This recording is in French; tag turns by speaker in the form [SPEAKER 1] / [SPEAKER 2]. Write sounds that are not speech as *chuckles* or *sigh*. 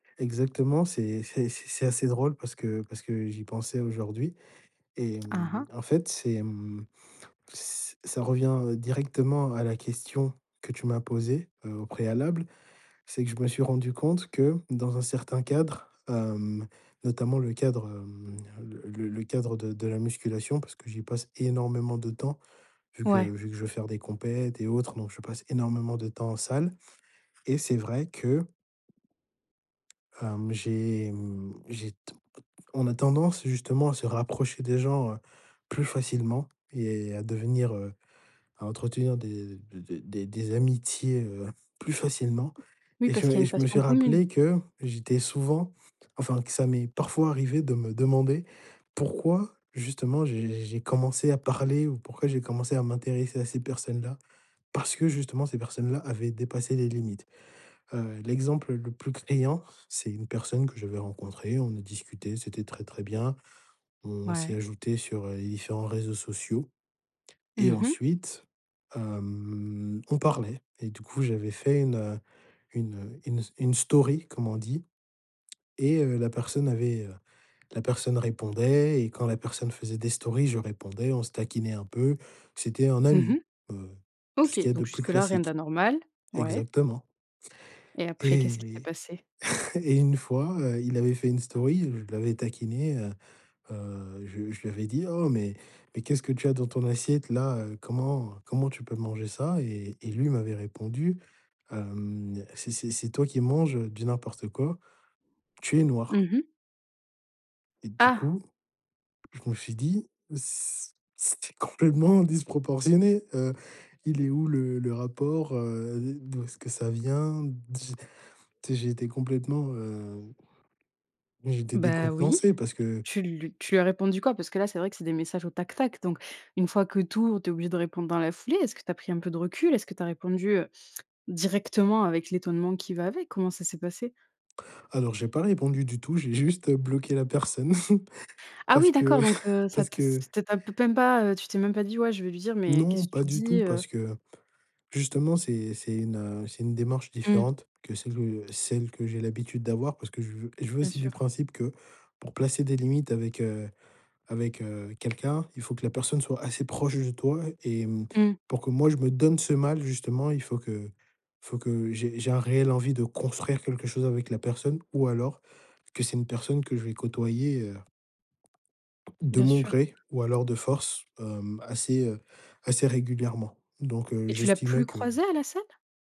[SPEAKER 1] Exactement, c'est c'est c'est c'est assez drôle parce que parce que j'y pensais aujourd'hui. Et
[SPEAKER 2] Mmh mh.
[SPEAKER 1] mmh, en fait, c'est mmh, ç ça revient heu, directement à la question que tu m'as posée, heu, au préalable. C'est que je me suis rendu compte que, dans un certain cadre, hem, notamment le cadre, hem, le le le cadre de de la musculation, parce que j'y passe énormément de temps, vu que
[SPEAKER 2] Ouais.
[SPEAKER 1] vu que je veux faire des compètes et autres, donc je passe énormément de temps en salle. Et c'est vrai que hem, j'ai, mmh, j'ai t o t on a tendance, justement, à se rapprocher des gens, heu, plus facilement et à devenir heu, à entretenir des des des des amitiés, heu, plus facilement.
[SPEAKER 2] Oui,
[SPEAKER 1] Et je
[SPEAKER 2] parce qu'il y a
[SPEAKER 1] me
[SPEAKER 2] une
[SPEAKER 1] je me suis
[SPEAKER 2] passion commune.
[SPEAKER 1] rappelé que j'étais souvent enfin que ça m'est parfois arrivé de me demander pourquoi, justement, j'ai j'ai commencé à parler ou pourquoi j'ai commencé à m'intéresser à ces personnes-là, parce que justement ces personnes-là avaient dépassé les limites. Heu, l'exemple le plus criant, c'est une personne que j'avais rencontrée, on a discuté, c'était très, très bien. On s'est
[SPEAKER 2] Ouais.
[SPEAKER 1] ajouté sur, heu, les différents réseaux sociaux et
[SPEAKER 2] Mmh mh.
[SPEAKER 1] ensuite, hem, on parlait et du coup j'avais fait une, heu une, heu, une s une story, comme on dit. Et, heu, la personne avait heu, la personne répondait et quand la personne faisait des stories, je répondais, on se taquinait un peu, c'était un
[SPEAKER 2] Mmh
[SPEAKER 1] ami,
[SPEAKER 2] mh.
[SPEAKER 1] heu, tout ce qu'il
[SPEAKER 2] OK.
[SPEAKER 1] y a de
[SPEAKER 2] Donc
[SPEAKER 1] plus
[SPEAKER 2] jusque là rien
[SPEAKER 1] classique.
[SPEAKER 2] d'anormal, ouais.
[SPEAKER 1] Exactement.
[SPEAKER 2] Et après, qu'est-ce qui s'est
[SPEAKER 1] Et et
[SPEAKER 2] passé?
[SPEAKER 1] *chuckles* et une fois, heu, il avait fait une story, heu, je l'avais taquiné, heu, heu je je lui avais dit: «Oh, mais mais qu'est-ce que tu as dans ton assiette-là, heu? Comment comment tu peux manger ça?» et et lui m'avait répondu, hem: «C'est c'est c'est toi qui manges, heu, du n'importe quoi, tu es noir».
[SPEAKER 2] Mmh mh.
[SPEAKER 1] Et du
[SPEAKER 2] Ah!
[SPEAKER 1] coup je me suis dit: «C c c'était complètement disproportionné. Heu, il est où le le rapport, heu, d'où est-ce que ça vient? Dis» tu sais? J'ai été complètement, hem, j'étais
[SPEAKER 2] Bah oui,
[SPEAKER 1] décontenancé parce que
[SPEAKER 2] tu lu tu lui as répondu quoi? Parce que là, c'est vrai que c'est des messages au tac, tac. Donc, une fois que tu ouvres, tu es obligé de répondre dans la foulée, est-ce que tu as pris un peu de recul? Est que tu as répondu, heu, directement avec l'étonnement qui va avec? Comment ça s'est passé?
[SPEAKER 1] Alors j'ai pas répondu du tout, j'ai juste, heu, bloqué la personne *chuckles*
[SPEAKER 2] Ah,
[SPEAKER 1] parce
[SPEAKER 2] oui,
[SPEAKER 1] que
[SPEAKER 2] d'accord, donc,
[SPEAKER 1] *chuckles*
[SPEAKER 2] heu, ça
[SPEAKER 1] parce
[SPEAKER 2] te
[SPEAKER 1] que
[SPEAKER 2] ça te peut même pas, heu, tu t'es même pas dit: «Ouais, je vais lui dire "mais qu'est
[SPEAKER 1] Non,
[SPEAKER 2] ce que
[SPEAKER 1] pas
[SPEAKER 2] tu
[SPEAKER 1] du tout,
[SPEAKER 2] dis, heu?"»?
[SPEAKER 1] parce que, justement, c'est c'est une, heu, c'est une démarche
[SPEAKER 2] Mmh.
[SPEAKER 1] différente que celle de celle que j'ai l'habitude d'avoir parce que je veux je vais
[SPEAKER 2] Bien
[SPEAKER 1] aussi du
[SPEAKER 2] sûr.
[SPEAKER 1] principe que, pour placer des limites avec, heu avec, heu quelqu'un, il faut que la personne soit assez proche de toi et, mmh,
[SPEAKER 2] Mmh.
[SPEAKER 1] pour que, moi, je me donne ce mal, justement, il faut que faut que j'ai j'ai un réel envie de construire quelque chose avec la personne ou alors, que c'est une personne que je vais côtoyer, heu, de
[SPEAKER 2] Bien
[SPEAKER 1] mon
[SPEAKER 2] sûr.
[SPEAKER 1] gré ou alors de force, hem, assez, heu, assez régulièrement. Donc, heu,
[SPEAKER 2] Et tu l'as
[SPEAKER 1] j'estimais
[SPEAKER 2] plus
[SPEAKER 1] que
[SPEAKER 2] croisé à la salle?